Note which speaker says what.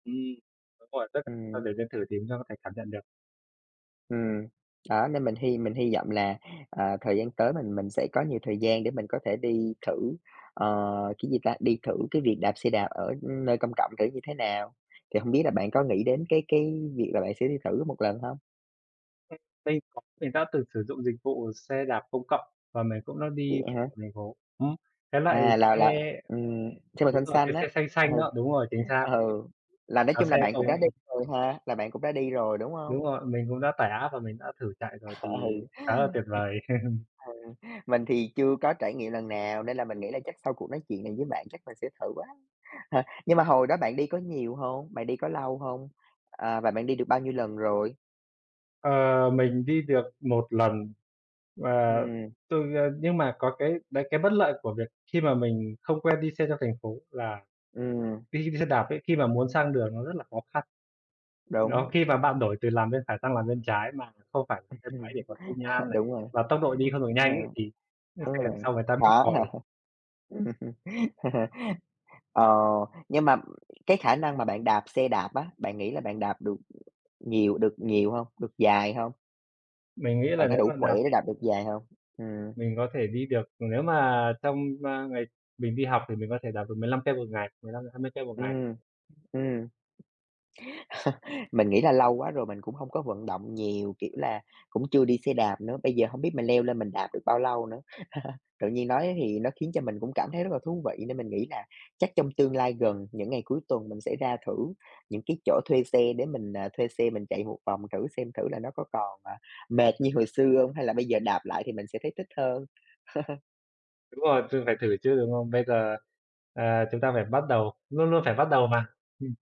Speaker 1: Ừm, đúng rồi, [unintelligible] ta
Speaker 2: Ừm.
Speaker 1: đều nên thử thì [unintelligible] thể cảm nhận được.
Speaker 2: Ừm. Đó, nên mình hy mình hy vọng là, ờ, thời gian tới mình mình sẽ có nhiều thời gian để mình có thể đi thử, ờ, cái gì ta, đi thử cái việc đạp xe đạp ở, ưm, nơi công cộng thử như thế nào. Thì hông biết là bạn có nghĩ đến cái cái việc là bạn sẽ đi thử một lần hông?
Speaker 1: Ừm, mình [unintelligible] mình đã từng sử dụng dịch vụ xe đạp công cộng, và mình cũng đã
Speaker 2: Vậy
Speaker 1: đi
Speaker 2: hả?
Speaker 1: [unintelligible] thành phố ừm. Cái loại
Speaker 2: À, là
Speaker 1: xe
Speaker 2: là ừm, xe màu
Speaker 1: đúng
Speaker 2: xanh
Speaker 1: rồi,
Speaker 2: xanh
Speaker 1: cái xe
Speaker 2: á,
Speaker 1: xanh
Speaker 2: ừ,
Speaker 1: xanh đó, đúng rồi, chính xác.
Speaker 2: ừ, là nói
Speaker 1: À,
Speaker 2: chung là
Speaker 1: xe
Speaker 2: bạn cũng đã đi
Speaker 1: [unintelligible]
Speaker 2: rồi ha, là bạn cũng đã đi rồi, đúng
Speaker 1: Đúng
Speaker 2: hông?
Speaker 1: rồi, mình cũng đã tải app và mình đã thử chạy rồi, thì
Speaker 2: Ừ,
Speaker 1: khá là
Speaker 2: [unintelligible]
Speaker 1: tuyệt vời.
Speaker 2: ừ, mình thì chưa có trải nghiệm lần nào, nên là mình nghĩ là chắc sau cuộc nói chuyện này với bạn chắc mình sẽ thử quá. Nhưng mà hồi đó bạn đi có nhiều hông? Bạn đi có lâu hông? Ờ, và bạn đi được bao nhiêu lần rồi?
Speaker 1: Ờ, mình đi được 1 lần và
Speaker 2: Ừm.
Speaker 1: từ, ờ, nhưng mà có cái đấy cái bất lợi của việc khi mà mình không quen đi xe trong thành phố là
Speaker 2: Ừm.
Speaker 1: đi xe đạp ấy, khi mà muốn sang đường nó rất là khó khăn. Đó,
Speaker 2: Đúng.
Speaker 1: khi mà bạn đổi từ làn bên phải sang làn bên trái mà không phải
Speaker 2: Ừm
Speaker 1: xe
Speaker 2: hưm.
Speaker 1: máy để có xi nhan này,
Speaker 2: Đúng rồi,
Speaker 1: và tốc độ đi không được
Speaker 2: ờ.
Speaker 1: nhanh ấy, thì những
Speaker 2: Đúng
Speaker 1: xe đằng
Speaker 2: rồi,
Speaker 1: sau người ta bíp
Speaker 2: khó hả?
Speaker 1: còi.
Speaker 2: Ờ, nhưng mà cái khả năng mà bạn đạp xe đạp á, bạn nghĩ là bạn đạp được nhiều được nhiều hông? Được dài hông?
Speaker 1: Mình nghĩ
Speaker 2: Bạn
Speaker 1: là
Speaker 2: có
Speaker 1: nếu
Speaker 2: đủ
Speaker 1: mà
Speaker 2: khỏe
Speaker 1: đạp,
Speaker 2: để
Speaker 1: kiểu
Speaker 2: đạp được dài hông? Ừm.
Speaker 1: Mình có thể đi được, nếu mà trong, ơ, ngày mình đi học thì mình có thể đạp được 15 cây 1 ngày, 15-20 cây 1 ngày.
Speaker 2: Ừm, ừm. Mình nghĩ là lâu quá rồi mình cũng hông có vận động nhiều, kiểu là, cũng chưa đi xe đạp nữa, bây giờ hông biết mình leo lên mình đạp được bao lâu nữa. Tự nhiên nói thì nó khiến cho mình cũng cảm thấy rất là thú vị, nên mình nghĩ nà chắc trong tương lai gần, những ngày cuối tuần mình sẽ ra thử những cái chỗ thuê xe để mình, ờ, thuê xe mình chạy một vòng thử xem. Thử là nó có còn, ờ, mệt như hồi xưa hông, hay là bây giờ đạp lại thì mình sẽ thấy thích hơn.
Speaker 1: Đúng rồi, thử phải thử chứ, đúng không? Bây giờ, ờ, chúng ta phải bắt đầu, luôn luôn phải bắt đầu mà. Ừm.